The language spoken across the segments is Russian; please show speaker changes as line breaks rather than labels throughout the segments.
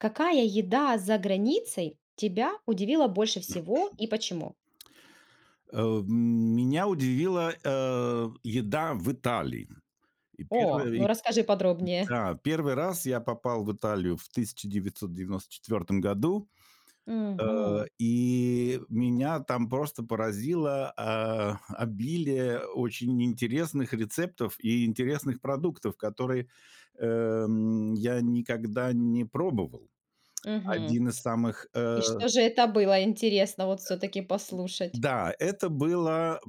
Какая еда за границей тебя удивила больше всего и почему?
Э, м, меня удивила, э, еда в Италии. И
О,
первое
ну
и
расскажи подробнее.
да. 1 раз я попал в Италию в 1994 году, э,
Мгм.
и меня там просто поразило, а, обилие очень интересных рецептов и интересных продуктов, которые, эм, я никогда не пробовал.
Мгм.
Один из самых,
И
э
что же это было? Интересно вот
Да.
всё-таки послушать.
Да, это было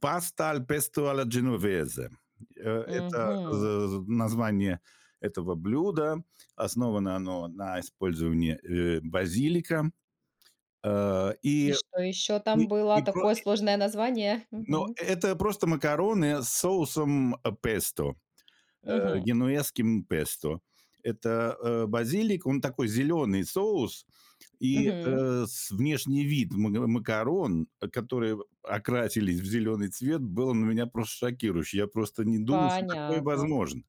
pasta al pesto alla genovese. Э это, з
Мгм.
з название этого блюда, основано оно на использовании, э, базилика. Э,
И
и
что еще
и
там было?
и про
Такое сложное название?
Но
Мгм.
это просто макароны с соусом песто, э,
Мгм.
генуэзским песто. Это, э, базилик, он такой зеленый соус, и,
Мгм.
э, с внешний вид мн макарон, которые окрасились в зеленый цвет, был на меня просто шокирующий. Я просто не думал, что такое
Понятно.
возможно.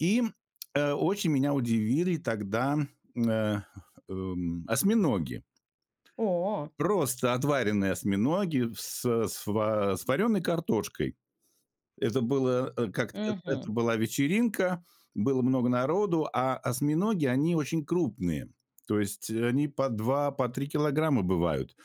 И, м, э, очень меня удивили тогда, э, эм, осьминоги.
О.
Просто отваренные осьминоги в с с ва с вареной картошкой. Это было, э, как э
Мгм.
это была вечеринка, было много народу, а осьминоги- они очень крупные, то есть они по 2, по 3 килограмма бывают.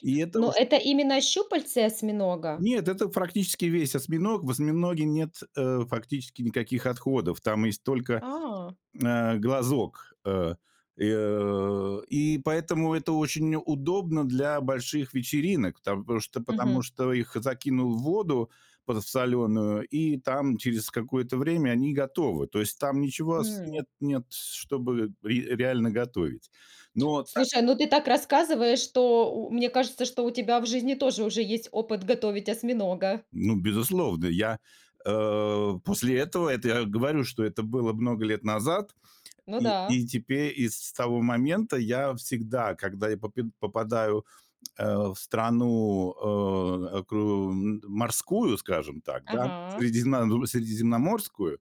И это
Но
очень
это именно щупальце осьминога?
Нет, это практически весь осьминог. В осьминоге нет, э, фактически никаких отходов. Там есть только,
А.
э, глазок, э, и, э, и поэтому это очень удобно для больших вечеринок, там потому что потому
Мгм.
что их закинул в воду подсолённую, и там через какое-то время они готовы. То есть там ничего ос
Хм.
нет, нет с чтобы ре реально готовить. Но так
Слушай, ну ты так рассказываешь, что у мне кажется, что у тебя в жизни тоже уже есть опыт готовить осьминога.
Ну, безусловно! Я, э, после этого это я говорю, что это было много лет назад.
Ну
И
да.
и тепе и с того момента я всегда, когда я попид попадаю, э, в страну, э, окру морскую, скажем так, да,
Ага.
средиземна средиземноморскую,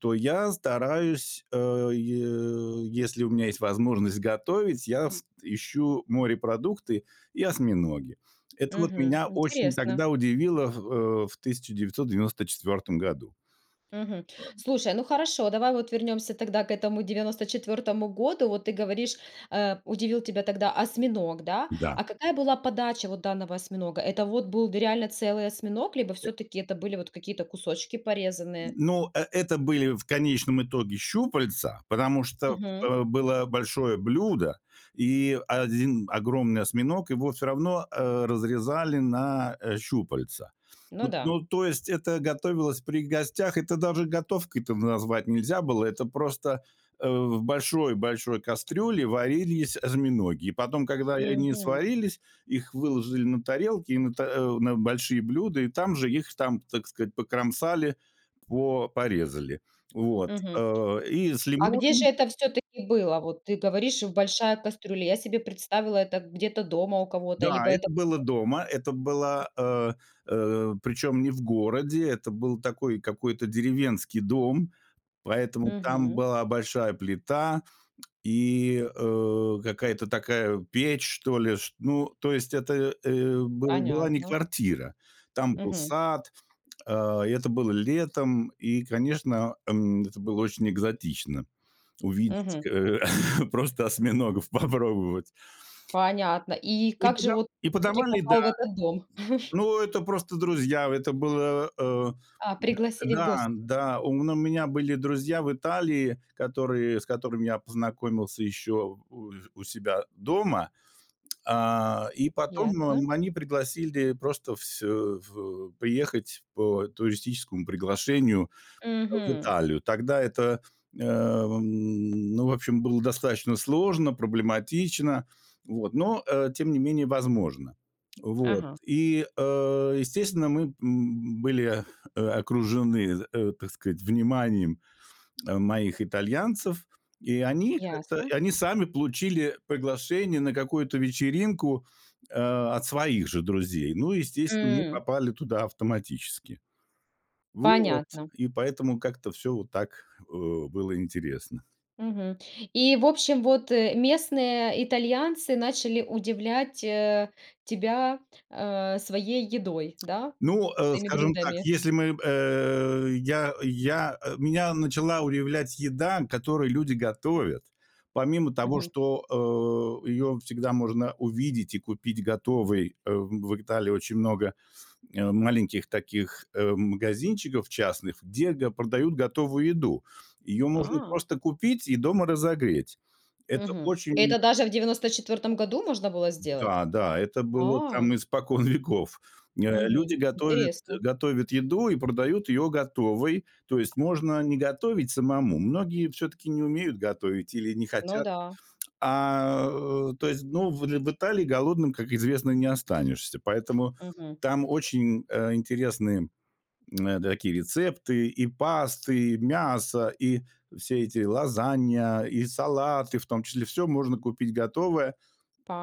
то я стараюсь, э, е если у меня есть возможность готовить, я с ищу морепродукты и осьминоги. Это вот
Мгм.
меня осень
Интересно.
тогда удивило, х э, в 1994 году.
Мгм.
Пам
Слушай, ну хорошо, давай вот вернёмся тогда к этому 94 году. Вот ты говоришь, э, удивил тебя тогда осьминог, да.
Да.
А какая была подача вот данного осьминога? Это вот был д реально целый осьминог либо всё-таки это были вот какие-то кусочки порезанные?
Ну, э это были в конечном итоге щупальца, потому что,
Мгм.
э, было большое блюдо и 1 огромный осьминог, его всё равно, э, разрезали на, э, щупальца.
Ну
Вот,
да.
ну, то есть это готовилось при гостях. Это даже готовкой-то назвать нельзя было. Это просто, э, в большой большой кастрюле варились осьминоги. И потом, когда они
Мгм.
сварились, их выложили на тарелки, и на та э, на большие блюда, и там же их, там, так сказать, покромсали, по порезали. Вот,
Мгм.
э, и с
А где же
лимонами
это всё-таки было? Вот ты говоришь: "В большая кастрюля". Я себе представила это где-то дома у кого-то,
Да,
либо это
это было дома. Это было, э, э, причем не в городе, это был такой какой-то деревенский дом, поэтому там
Мгм.
была большая плита и, э, какая-то такая печь что ли, чт ну, то есть это, э, был была не
Понятно.
квартира, там был
Мгм.
сад. Э, и это было летом и, конечно, эм, это было очень экзотично увидеть,
Мгм.
э, просто осьминогов попробовать.
Понятно. И
И
как же
подава
вот
и
ты всё-таки
подавали, да.
попал в этот дом?
Ну, это просто друзья. Это было, э,
А,
да,
пригласили в
да,
гости.
да. У мн у меня были друзья в Италии, которые с которыми я познакомился еще у у себя дома. Э, и потом,
Ясно.
м, они пригласили просто вс э, в приехать по туристическому приглашению в
Мгм.
Италию. Тогда это, эм, ну, в общем, было достаточно сложно, проблематично, вот, но, э, тем не менее, возможно. Вот
Ага.
и, э, естественно, мы, м, были, э, окружены, э, так сказать, вниманием, э, моих итальянцев, и они как-то
Ясно.
и они сами получили приглашение на какую-то вечеринку, э, от своих же друзей. Ну и, естественно, мы
М.
попали туда автоматически. Вот.
Понятно.
И поэтому как-то всё вот так, э, было интересно.
Мгм. И в общем, вот, э, местные итальянцы начали удивлять, э, тебя, э, своей едой, да,
Ну, э,
своими
скажем так,
блюдами.
если мы, э, я я, э, меня начала удивлять еда, которую люди готовят, помимо того,
Мгм.
что, э, её всегда можно увидеть и купить готовой. Э, в Италии очень много, э, маленьких таких, э, магазинчиков частных, где г продают готовую еду. Её можно
А.
просто купить и дома разогреть. Это
Мгм.
очень
Это даже в 94 году можно было сделать?
Да, да, это было
А.
там испокон веков. Э, люди
Мгм.
готовят
Интересно.
готовят еду и продают её готовой. То есть можно не готовить самому. Многие всё-таки не умеют готовить или не
Ну
хотят.
да.
А, э, то есть, ну, в л в Италии голодным, как известно, не останешься. Поэтому
Мгм.
там очень, э, интересные, м, такие рецепты: и пасты, и мясо, и все эти лазанья, и салаты, в том числе- всё можно купить готовое.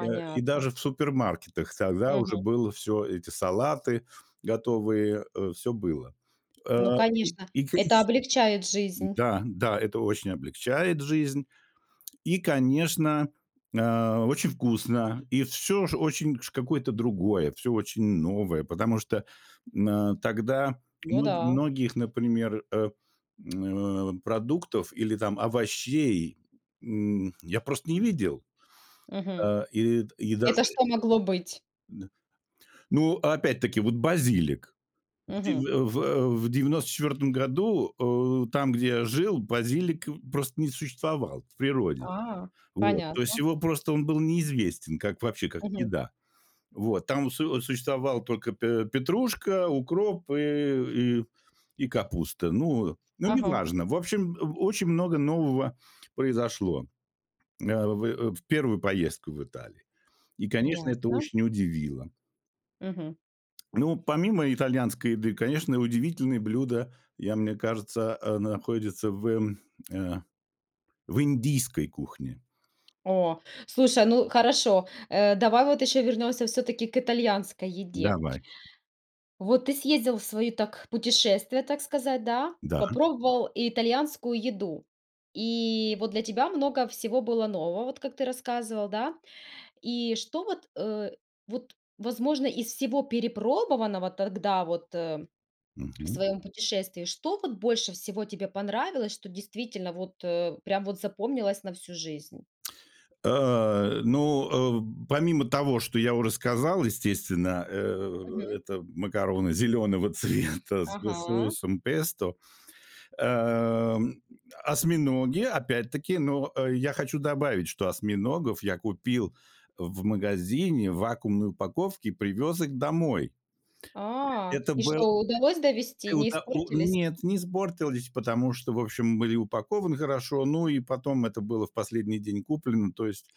Э, и даже в супермаркетах тогда
Мгм.
уже было всё, эти салаты готовые, э, всё было. Э,
Ну,
и
конечно,
и
это
и
облегчает жизнь.
Да, да, это очень облегчает жизнь. И, конечно, э, очень вкусно, и всё ш очень ш какое-то другое, всё очень новое, потому что, м, э, тогда,
Ну
ну, м
да.
многих, например, э, м, продуктов или там овощей, м, я просто не видел.
Мгм.
Э, и д и даже
Это что могло быть?
н ну, опять-таки, вот базилик. В дев
Мгм.
в в 94 году, э, там, где я жил, базилик просто не существовал в природе.
А,
Вот. То есть
понятно.
его просто он был неизвестен как, вообще, как
Мгм.
еда. Вот. Там су существовали только п петрушка, укроп и и и капуста. Ну. Ну
Ага.
неважно. В общем, о очень много нового произошло, э, в в первую поездку в Италию. И, конечно, это
Ясно.
очень удивило.
Мгм.
Ну, помимо итальянской еды, конечно, удивительные блюда, я мне кажется, а находятся в, э, в индийской кухне.
О. Слушай, ну хорошо, э, давай вот ещё вернемся всё-таки к итальянской еде.
Давай.
Вот ты съездил в свои, так, путешествия, так сказать, да.
Да.
Попробовал итальянскую еду, и вот для тебя много всего было нового, вот как ты рассказывал, да. И что вот, э, вот возможно из всего перепробованного тогда вот, э, в
Мгм.
своем путешествии, что вот больше всего тебе понравилось, что действительно вот, э, прям вот запомнилось на всю жизнь?
А, ну, э, помимо того, что я уже сказал, естественно, э,
Мгм.
это макароны зеленого цвета с
Ага.
соусом песто, а, осьминоги опять-таки. Но я хочу добавить, что осьминогов я купил в магазине в вакуумной упаковке и привез их домой.
А,
Это
и
был
что, удалось довести, не
это у
испортились?
нет, не испортились, потому что, в общем, были упакованы хорошо. Ну, и потом это было в последний день куплено. То есть,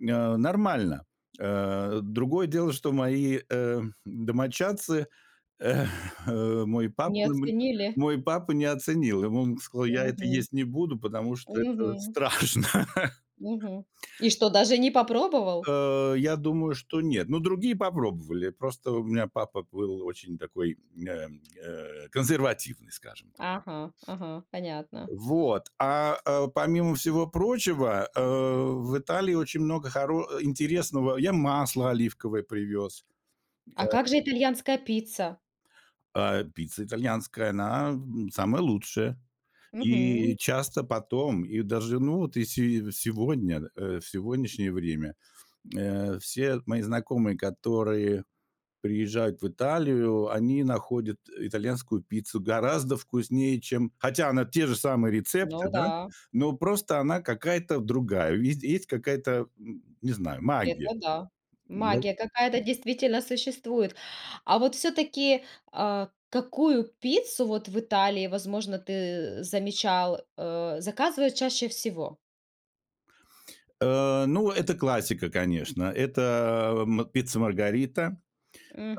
э, нормально. Э, другое дело, что мои, э, домочадцы, э, мой папа
Не
мн
оценили?
мой папа не оценил. Ему он сказал: "Я это
Мгм.
есть не буду, потому что это
Мгм.
страшно".
Мгм. И что, даже не попробовал?
Э, я думаю, что нет, но другие попробовали. Просто у меня папа был очень такой, э, э, консервативный, скажем так.
Ага-ага, понятно.
Вот, а помимо всего прочего, э, в Италии очень много хоро интересного. Я масло оливковое привез, э.
А как же итальянская пицца?
А, пицца итальянская, она, м, самая лучшая.
Мгм.
И часто потом, и даже, ну, вот если и сегодня, э, в сегодняшнее время, э, все мои знакомые, которые приезжают в Италию, они находят итальянскую пиццу гораздо вкуснее, чем хотя она те же самые рецепты,
Ну
да,
да.
но просто она какая-то другая. Видь есть есть какая-то, м, не знаю, магия.
Это да,
Ну
магия
как бы
какая-то действительно существует. А вот все-таки, а, какую пиццу вот в Италии, возможно, ты, замечал, э, заказывают чаще всего?
Э, ну, это классика, конечно. Это, эм, пицца Маргарита,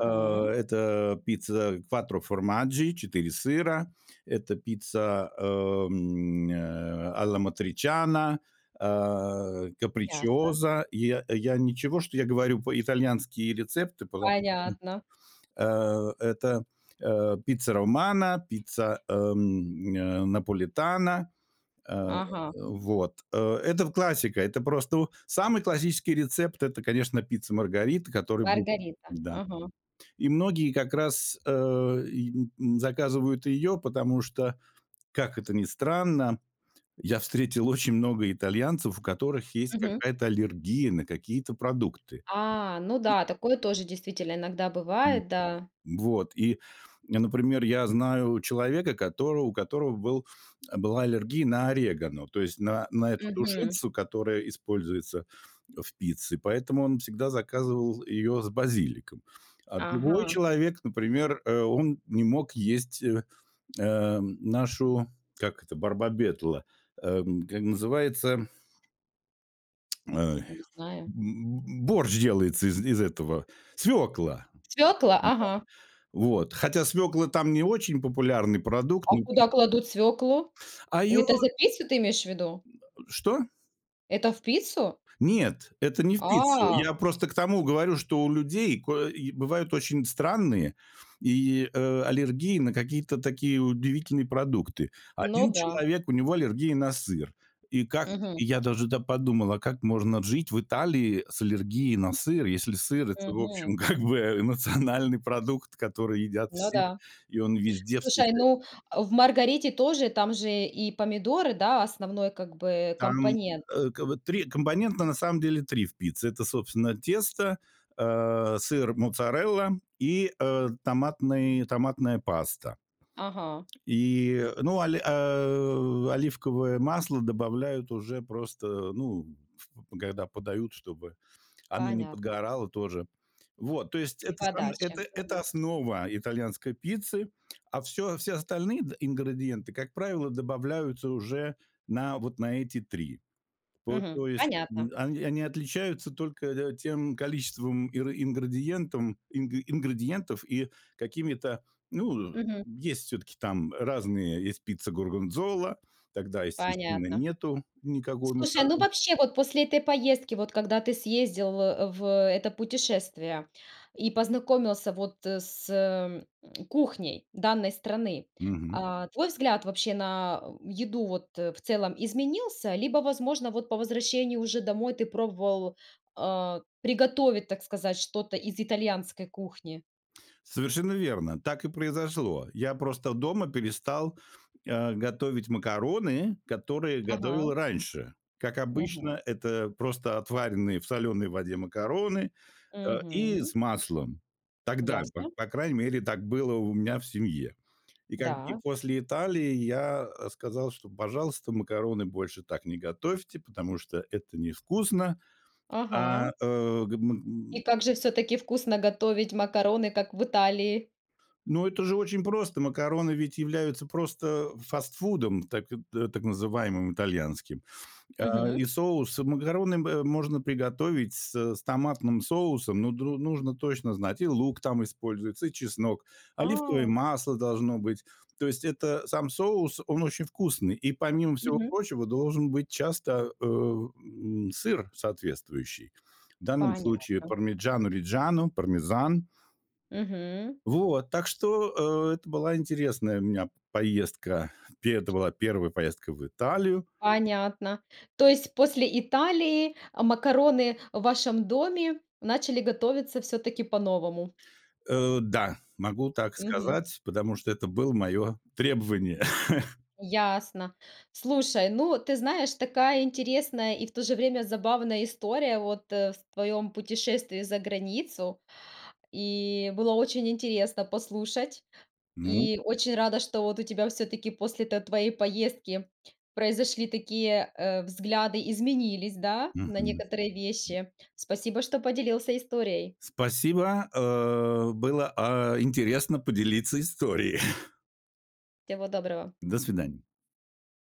э, это пицца quattro formaggi 4 сыра, это пицца, эм, э, a la matriciana, э,
Ясно.
capricciosa. Я, я ничего, что я говорю по итальянские рецепты, потому
Понятно.
что, э, это, э, пицца Романо, пицца, эм, н э, Наполитано. Э,
Ага.
вот. Э, это в классика, это просто самый классический рецепт это, конечно, пицца Маргарита, а, которая будет
Маргарита,
Да.
мгм.
И многие как раз, э, и, н м, заказывают ее, потому что, как это ни странно, я встретил очень много итальянцев, у которых есть
Мгм.
какая-то аллергия на какие-то продукты.
А, ну
[unintelligible]
да, такое тоже действительно иногда
М
бывает, да.
Вот. И, я, например, я знаю человека, который у которого был, была аллергия на орегано, то есть на на, м, эту
Мгм.
душицу, которая используется в пицце, поэтому он всегда заказывал ее с базиликом. А другой
Ага.
человек, например, э, он не мог есть, э, э, нашу, как это, барбабетла, эм, к э, называется Эм,
Не знаю.
б борщ делается из из этого, свекла.
Свекла?
Да.
Ага.
Вот, хотя свекла там не очень популярный продукт.
А куда кладут свеклу?
А её
Это за пиццу, ты имеешь в виду?
Что?
Это в пиццу?
Нет, это не в пицце.
А!
Я просто к тому говорю, что у людей кое бывают очень странные и, э, аллергии на какие-то такие удивительные продукты.
Ну
1
да.
человек- у него аллергия на сыр. И как,
Мгм.
я даже, да, подумал, как можно жить в Италии с аллергией на сыр, если сыр- это, в
Мгм.
общем, как бы, э, национальный продукт, который едят
Ну
все,
да.
и он везде
Слушай,
встречается.
ну в "Маргарите" тоже там же и помидоры, да, основной как бы
Там,
компонент.
э, вот 3 компонента на самом деле, 3 в пицце. Это собственно тесто, э, сыр моцарелла и, э, томатный томатная паста.
Ага.
И, ну, оли э, оливковое масло добавляют уже просто, э, ну, когда подают, чтобы она не
Понятно.
подгорала тоже. Вот, то есть
И
это сама
подача,
это это
мгм.
основа итальянской пиццы, а всё, все остальные ингредиенты, как правило, добавляются уже на вот на эти 3. То
Мгм.
то есть
Понятно.
они они отличаются только, э, тем количеством ингри ингредиентом, ингри ингредиентов и какими-то. Ну,
Мгм.
есть всё-таки там разные, есть пицца горгонзола, тогда, естественно,
Понятно.
нету никакой
Слушай, ну
моцареллы.
вообще, вот после этой поездки, вот когда ты съездил в в это путешествие и познакомился вот, э, с кухней данной страны,
Мгм.
а, твой взгляд, вообще, на еду вот, э, в целом изменился? Либо, возможно, вот по возвращении уже домой ты пробовал, э, приготовить, так сказать, что-то из итальянской кухни?
Совершенно верно! Так и произошло. Я просто дома перестал, а, готовить макароны, которые
Ага.
готовил раньше. Как
Мгм.
обычно, это просто отваренные в соленой воде макароны, а, и
Мгм.
с маслом. Тогда, п
Ясно.
по крайней мере, так было у меня в семье. И когд и
Да.
после Италии я, а, сказал: "Пожалуйста, макароны больше так не готовьте, потому что это невкусно".
Ага.
А, э, хм,
И
м.
как же все-таки вкусно готовить макароны, как в Италии?
Но это же очень просто! Макароны ведь являются просто фастфудом, так, э, так называемым итальянским. А,
Мгм.
и соус макароны, м, э, можно приготовить с с томатным соусом, но дру нужно точно знать: и лук там используется, и чеснок, оливковое
А!
масло должно быть. То есть это, сам соус он очень вкусный, и помимо всего
Мгм.
прочего должен быть часто, э, э, м, сыр соответствующий. В данном случае
Понятно.
"Пармиджано-Риджано"- пармезан.
Мгм.
Вот, так что, э, это была интересная у меня п поездка. Пе это была 1 поездка в Италию.
Понятно. То есть, после Италии, а, макароны в вашем доме начали готовиться все-таки по-новому?
Э, да, могу так
Мгм.
сказать, потому что это было мое требование.
Ясно. Слушай, ну, ты знаешь, такая интересная и в то же время забавная история вот, э, в твоем путешествии за границу. И было очень интересно послушать.
Ну
И очень рада, что вот у тебя все-таки после т твоей поездки произошли такие, э, взгляды, изменились, да, на
Мгм.
некоторые вещи. Спасибо, что поделился историей.
Спасибо, э. Было, э, интересно поделиться историей.
Всего доброго!
До свидания!